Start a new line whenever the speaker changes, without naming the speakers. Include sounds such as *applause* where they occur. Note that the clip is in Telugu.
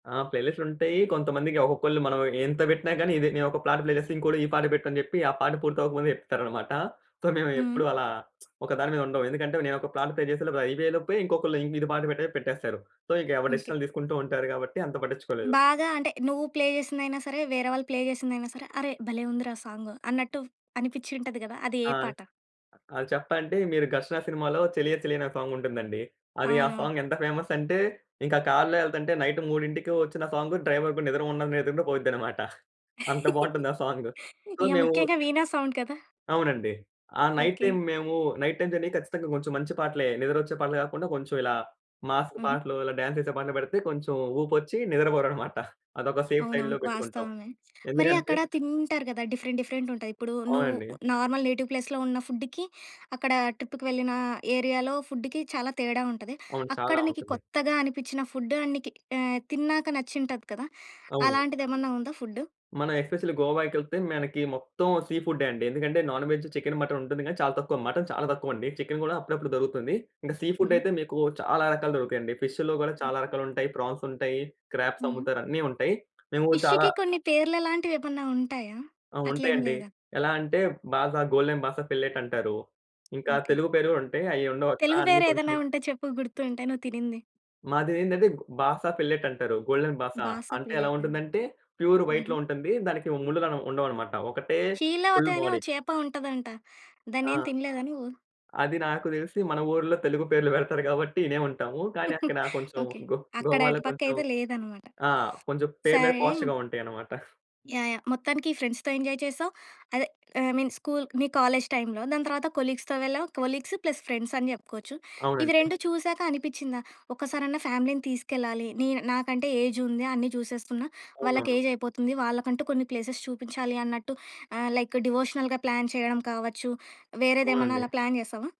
ఆ! ప్లే లిస్ట్ ఉంటాయి. కొంతమందికి ఒక్కొక్కళ్ళు మనం ఎంత వెట్టినా గాని, నేనొక పాట ప్లే జేస్తే, ఇంకొకళ్ళు "ఈ పాట బెట్టు." అని జెప్పి, ఆ పాట పూర్తి అవ్వక ముందు చెప్తారన్నమాట. సో,
హ్మ్.
మేమెప్పుడు అలా ఒక దాని మీద ఉండం. ఎందుకంటే, నేను ఒక పాట ప్లే చేసేలోపు అది అపోయేలోపే ఇంకొకళ్ళు ఇది పాట పెట్టే పెట్టేస్తారు. సో, ఇంక ఎవరు
ఓకే.
డిసిషన్ తీసుకుంటూ ఉంటారు గాబట్టి అంత పట్టించుకోలేదు.
బాగా అంటే నువ్వు ప్లే జేసిందయినా సరే, వేరే వాళ్ళు ప్లే జేసిందయినా సరే, అరె! భలే ఉందిరా సాంగ్ అన్నట్టు అనిపించి ఉంటది గదా! అది ఏ
ఆ! ని
పాట?
ఆ! చెప్పంటే, మీరు 'ఘర్షణ' సినిమాలో చలియ చలియ అనే సాంగుంటుందండి. అది ఆ
అవునవును.
సాంగ్ ఎంత ఫేమసంటే ఇంకా కారులో ఎళ్తుంటే నైట్ 3కి ఒచ్చిన సాంగ్ డ్రైవర్ గూడ నిద్ర ఉండదు, నిద్ర ఉన్న పోయిద్దన్నమాట. అంత
*chuckles*
బాగుంటుంది ఆ సాంగ్. సో
ఇగ
మేము
ముఖ్యంగా వీణా సౌండు గదా!
అవునండి. ఆ నైట్
ఓకే.
టైమ్ మేము, నైట్ టైమ్ జర్నీ ఖచ్చితంగా కొంచెం మంచి పాటలే నిద్రొచ్చే పాటలు గాకుండా, కొంచెం ఇలా మాస్
హుహు.
పాటలు, ఇలా డాన్స్ చేసే పాటలు బెడితే కొంచెం ఊపొచ్చి నిద్రపోరన్నమాట. అదొక సేఫ్
అవునవును.
సైడ్‌లో పెట్టుకుంటాం.
వాస్తవమే. మరి
ఎందుకంటే
అక్కడ తింటారు గదా! డిఫరెంట్ డిఫరెంట్ ఉంటాయి. ఇప్పుడు నువ్వు
అవునండి.
నార్మల్ నేటివ్ ప్లేస్‌లో ఉన్న ఫుడ్‌కి, అక్కడ ట్రిప్‌కి వెళ్ళిన ఏరియాలో ఫుడ్‌కి చాలా తేడా ఉంటది.
అవును.
అక్కడ
చాలా
నీకు
ఉంటుంది.
కొత్తగా అనిపించిన నికి ఆహ్, ఫుడ్ తిన్నాక నచ్చి ఉంటది కదా!
అవును.
అలాంటిదేమన్నా ఉందా ఫుడ్డు.
మనం ఎస్‌పెషల్లీ గోవాకి ఎళ్తే మనకి మొత్తం సీ ఫుడే అండి. ఎందుకంటే నాన్ వేజ్ చికెను, మటను ఉంటుంది గానీ చాలా తక్కువ, మటను చాలా తక్కువ అండి. చికెను గూడా అప్పుడప్పుడు దొరుకుతుంది. ఇంకా సీ
హుహు.
ఫుడాయితే మీకు చాలా రకాలు దొరుకుతాయి అండి. ఫిష్‌లో గూడా చాలా
హుహు.
రకాలు ఉంటాయి, ప్రాన్స్ ఉంటాయి, క్రాబ్స్
హుహు.
అమ్ముతారు అన్ని ఉంటాయి. మేము చాలా
ఫిష్‌కి కొన్ని పేర్లు లాంటివేమైనా ఉంటాయా?
ఆ!
అట్లేం
ఉంటాయండి.
లేదా?
ఎలా అంటే బాజా గోల్డెన్ బాస ఫిల్లెట్ అంటారు. ఇంకా
ఓకే.
తెలుగు పేరు ఉంటాయి అయి ఉండవక్కడ.
తెలుగు
అన్ని కొంచెం
పేరేదైనా ఉంటే చెప్పు గుర్తుంటే నువ్వు తినింది?
మాదేందంటే బాస ఫిల్లెట్ అంటారు. గోల్డెన్ బాసా
బాస
అంటే ఎలా
ప్లేట.
ఉంటుందంటే ప్యూర్
హుహు.
వైట్‌లో ఉంటుంది. దానికి ముల్లులు ఉండవన్నమాట, ఒకటే ఫుల్
'శీలావతి' అని ఓ
బాడీ.
చేప ఉంటదంట,
ఆ!
దాన్నేమి తినలేదా నువ్వు.
అది నాకు దెలిసి, మన ఊరులో తెలుగు పేర్లు బెడతారు గాబట్టి ఇనే ఉంటాము. కానీ
*chuckles*
అక్కడ కొంచెం
ఓకే.
గో
అక్కడ
గోవాలో
అటు
కొంచెం
పక్కైతే లేదన్నమాట.
ఆ!
*sniffs*
కొంచెం ఆ! పేర్లవి
సరే!
పార్ష్‌గా ఉంటాయన్నమాట. *chuckles*
యాహ్! యాహ్! మొత్తానికి ఫ్రెండ్స్‌తో ఎంజాయ్ చేసావు. అదే ఐ మీన్ స్కూల్ మీ కాలేజ్ టైమ్‌లో, దాని తర్వాత కొలీగ్స్‌తో వెళ్ళావు. కొలీగ్స్ ప్లస్ ఫ్రెండ్సని జెప్పుకోవచ్చు. ఇవి
అవునండి.
రెండు చూసాక అనిపించిందా ఒక్కసారన్నా ఫ్యామిలీని తీసుకెళ్లాలి. నే నాకంటే ఏజుంది అన్నీ జూసేస్తున్నా, వాళ్ళకి
అవునవును.
ఏజయిపోతుంది, వాళ్ళకంటూ కొన్ని ప్లేసెస్ చూపించాలి అన్నట్టు, ఆహ్, లైక్ డివోషనల్‌గా ప్లాన్ చేయడం కావచ్చు, వేరేదేమన్నా అలా
అవునండి.
ప్లాన్ జేసావా?